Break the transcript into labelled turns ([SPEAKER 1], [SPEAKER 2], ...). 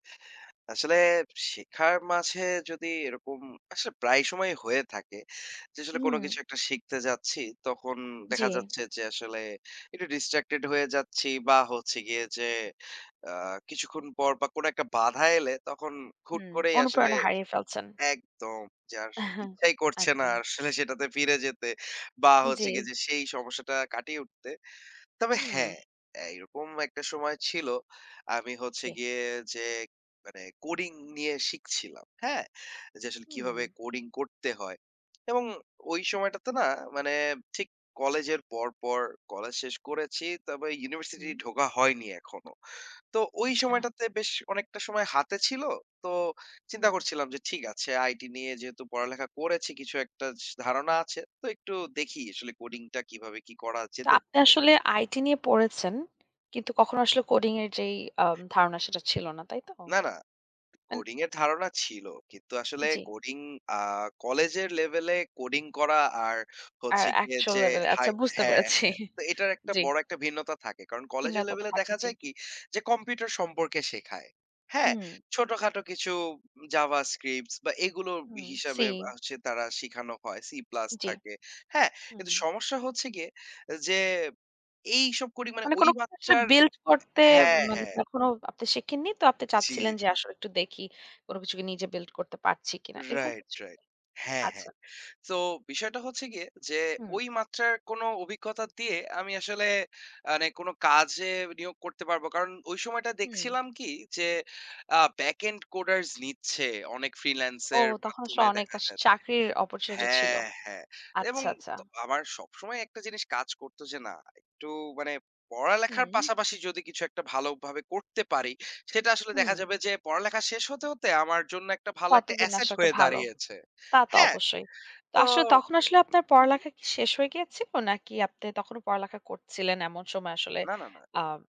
[SPEAKER 1] আসলে শেখার মাঝে যদি এরকম আসলে প্রায় সময়ই হয়ে থাকে। যে আসলে কোন
[SPEAKER 2] হুম।
[SPEAKER 1] কিছু একটা শিখতে যাচ্ছি, তখন
[SPEAKER 2] জি।
[SPEAKER 1] দেখা যাচ্ছে, যে আসলে একটু ডিসট্রাক্টেড হয়ে যাচ্ছি বা হচ্ছে গিয়ে যে আ কিছুক্ষণ পর বা কোন একটা বাধা এলে তখন হুট
[SPEAKER 2] হুম,
[SPEAKER 1] করেই আসলে
[SPEAKER 2] অনুপ্রেরণা হারিয়ে ফেলছেন।
[SPEAKER 1] একদম যে আর ইচ্ছাই করছে না।
[SPEAKER 2] আচ্ছা।
[SPEAKER 1] আসলে সেটাতে ফিরে যেতে বা হচ্ছে
[SPEAKER 2] জি।
[SPEAKER 1] গিয়ে যে সেই সমস্যাটা কাটিয়ে উঠতে তবে
[SPEAKER 2] হুম।
[SPEAKER 1] হ্যাঁ, অ্যা এরকম একটা সময় ছিল। আমি হচ্ছে
[SPEAKER 2] জি।
[SPEAKER 1] গিয়ে যে মানে কোডিং নিয়ে শিখছিলাম। হ্যাঁ? যে আসলে কিভাবে
[SPEAKER 2] হুম।
[SPEAKER 1] কোডিং করতে হয়। এবং ওই সময়টাতে না মানে ঠিক কলেজের পর, পর কলেজ শেষ করেছি। তবে ইউনিভার্সিটি
[SPEAKER 2] হু।
[SPEAKER 1] ঢোকা হয়নি এখনো। তো ঐ
[SPEAKER 2] আচ্ছা।
[SPEAKER 1] সময়টাতে বেশ অনেকটা সময় হাতে ছিল। তো চিন্তা
[SPEAKER 2] হুম।
[SPEAKER 1] করছিলাম যে ঠিক আছে আইটি নিয়ে যেহেতু পড়ালেখা করেছি কিছু একটা স ধারণা আছে। তো একটু দেখি আসলে কোডিং টা কিভাবে কি করা
[SPEAKER 2] তো
[SPEAKER 1] যেতে
[SPEAKER 2] আপনি
[SPEAKER 1] পারে।
[SPEAKER 2] আসলে আইটি নিয়ে পড়েছেন। কিন্তু কখনো
[SPEAKER 1] হুম।
[SPEAKER 2] আসলে কোডিং এর যেই আম ধারণা সেটা ছিল না, তাই তো?
[SPEAKER 1] না, না,
[SPEAKER 2] আন
[SPEAKER 1] কোডিং এর ধারণা ছিল। কিন্তু আসলে
[SPEAKER 2] জ্বী।
[SPEAKER 1] কোডিং আ কলেজের লেভেলে কোডিং করা আর
[SPEAKER 2] আর
[SPEAKER 1] হচ্ছে গিয়ে
[SPEAKER 2] অ্যাকচুয়াল
[SPEAKER 1] যে
[SPEAKER 2] লেভেল এ
[SPEAKER 1] হাই
[SPEAKER 2] আচ্ছা বুঝতে
[SPEAKER 1] হ্যাঁ,
[SPEAKER 2] পেরেছি।
[SPEAKER 1] হ্যাঁ। তো এটার একটা
[SPEAKER 2] জ্বী।
[SPEAKER 1] বড় একটা ভিন্নতা থাকে। কারণ কলেজের
[SPEAKER 2] ভিন্নতা তো
[SPEAKER 1] লেভেলে
[SPEAKER 2] থাক
[SPEAKER 1] দেখা
[SPEAKER 2] জি।
[SPEAKER 1] যায় কি, যে কম্পিউটার সম্পর্কে শেখায়। হ্যাঁ?
[SPEAKER 2] হু।
[SPEAKER 1] ছোট-খাটো কিছু জাভাস্ক্রিপ্টস বা এগুলো
[SPEAKER 2] হুম,
[SPEAKER 1] হিসাবে
[SPEAKER 2] সি।
[SPEAKER 1] আ সে তারা শিখানো হয়। সি প্লাস
[SPEAKER 2] জি,
[SPEAKER 1] থাকে, হ্যাঁ? কিন্তু
[SPEAKER 2] উম
[SPEAKER 1] সমস্যা হচ্ছে গিয়ে যে এইসব করি মানে
[SPEAKER 2] মানে
[SPEAKER 1] ওই
[SPEAKER 2] কোন [unintelligible]
[SPEAKER 1] মাত্রার
[SPEAKER 2] বিল্ট করতে
[SPEAKER 1] হ্যাঁ,
[SPEAKER 2] মানে
[SPEAKER 1] হ্যাঁ।
[SPEAKER 2] তখনো আপনি শেখেননি। তো আপনি চাচ্ছিলেন,
[SPEAKER 1] চির
[SPEAKER 2] যে আসো একটু দেখি কোন কিছু কি নিজে বিল্ট করতে পারছি কিনা। এরকম
[SPEAKER 1] রাইট,
[SPEAKER 2] হচ্ছে
[SPEAKER 1] রাইট।
[SPEAKER 2] কি?
[SPEAKER 1] হ্যাঁ,
[SPEAKER 2] আচ্ছা।
[SPEAKER 1] হ্যাঁ। তো বিষয়টা হচ্ছে গিয়ে যে
[SPEAKER 2] হুম।
[SPEAKER 1] ওই মাত্রার কোন অভিজ্ঞতা দিয়ে আমি আসলে আনে কোন কাজে নিয়োগ করতে পারব। কারণ ওই সময়টা
[SPEAKER 2] হুম।
[SPEAKER 1] দেখছিলাম কি যে আ ব্যাক এন্ড কোডার্স নিচ্ছে অনেক ফ্রিল্যান্স
[SPEAKER 2] ও
[SPEAKER 1] এর
[SPEAKER 2] তখন আস
[SPEAKER 1] মাধ্যমে
[SPEAKER 2] অনেক
[SPEAKER 1] দেখা
[SPEAKER 2] আস
[SPEAKER 1] যায় যে
[SPEAKER 2] চাকরির অপরচুনিটি ছিল।
[SPEAKER 1] হ্যাঁ, হ্যাঁ। এবং
[SPEAKER 2] আচ্ছা, আচ্ছা।
[SPEAKER 1] ত আমার সবসময় একটা জিনিস কাজ করতো যে না একটু মানে পড়ালেখার
[SPEAKER 2] হুম।
[SPEAKER 1] পাশাপাশি যদি কিছু একটা ভালো ভাবে করতে পারি। সেটা আসলে দেখা
[SPEAKER 2] হুম।
[SPEAKER 1] যাবে যে পড়ালেখা শেষ হতে, হতে আমার জন্য একটা ভালো একটা
[SPEAKER 2] ততদিন
[SPEAKER 1] অ্যাসেট
[SPEAKER 2] আসা একটা
[SPEAKER 1] হয়ে
[SPEAKER 2] ভালো।
[SPEAKER 1] দাঁড়িয়েছে।
[SPEAKER 2] তা তো
[SPEAKER 1] হ্যাঁ
[SPEAKER 2] অবশ্যই। তো
[SPEAKER 1] তো
[SPEAKER 2] আসলে তখন আসলে আপনার
[SPEAKER 1] উহু।
[SPEAKER 2] পড়ালেখা কি শেষ হয়ে গিয়েছিল? নাকি আপনি তখনও পড়ালেখা করছিলেন এমন সময় আসলে
[SPEAKER 1] না, না, না।
[SPEAKER 2] আম